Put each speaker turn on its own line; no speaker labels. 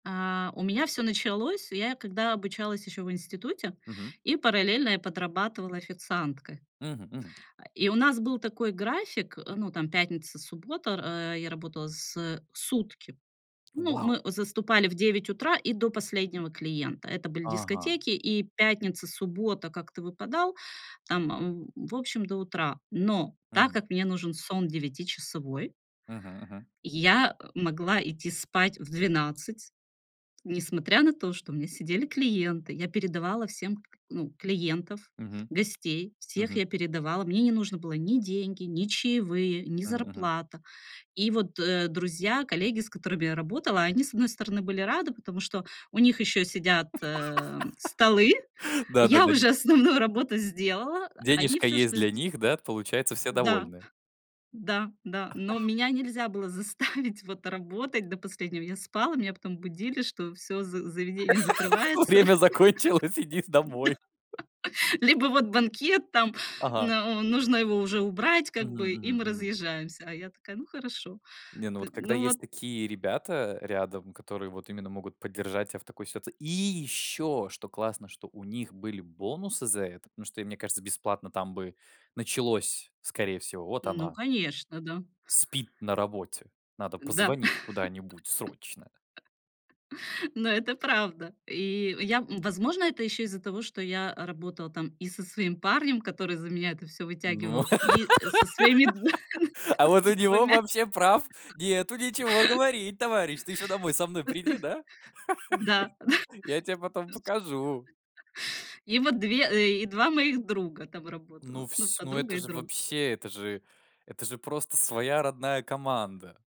А, у меня всё началось. Я когда обучалась ещё в институте,
Мгм.
и параллельно я подрабатывала официанткой.
Мгм мгм.
А, и у нас был такой график, э, ну, там пятница суббота, р э, я работала с э, сутки. Ну
Вау!
мы заступали в 9 утра, и до последнего клиента. Это были
Ага.
дискотеки. И пятница, суббота как-то выпадал, там, м, в общем, до утра. Но так
Мгм.
как мне нужен сон девятичасовой
Мгм-мгм.
я, э, могла идти спать в 12, несмотря на то, что у меня сидели клиенты, я передавала всем к ну, клиентов,
Мгм,
гостей, всех
мгм.
я передавала. Мне не нужно было ни деньги, ни чаевые, ни
Мгм мгм.
зарплата. И вот, э, друзья, коллеги, с которыми я работала, они с одной стороны были рады, потому что у них ещё сидят, а, столы, я
Да-да-да, де
уже основную работу сделала. Они
денежка
всё
есть
что
для
сде
них, да, получается все
да,
довольны.
да, да но меня нельзя было заставить вот работать, до последнего, я спала, меня потом будили, что всё за заведение закрывается,
Время закончилось, иди домой.
да. Либо вот банкет там, н
Ага.
э, нужно его уже убрать как
Мгм
бы, и
мгм
мы
мгм.
разъезжаемся. А я такая, ну хорошо
Не, ну
т
вот когда
ну вот
есть такие ребята рядом, которые вот именно могут поддержать тебя в такой сит И ещё, что классно, что у них были бонусы за это. Ну что, мне кажется, бесплатно там бы началось скорее всего: "Вот
Ну
она"
конечно, да.
"спит на работе. Надо
Да,
позвонить куда-нибудь срочно".
но это правда. И я, возможно, это ещё из-за того, что я работала там и со своим парнем, который за меня это всё
Ну.
вытягивал, и со своими
А вот у него
2
вообще прав нету ничего говорить, товарищ, ты ещё домой со мной приди, да?
Да-да.
Я тебе потом покажу.
И вот 2 и 2 моих друга там
Ну
работало. Ну,
вс ну
подруга
это
и
же
друг.
вообще, это же, это же просто своя родная команда.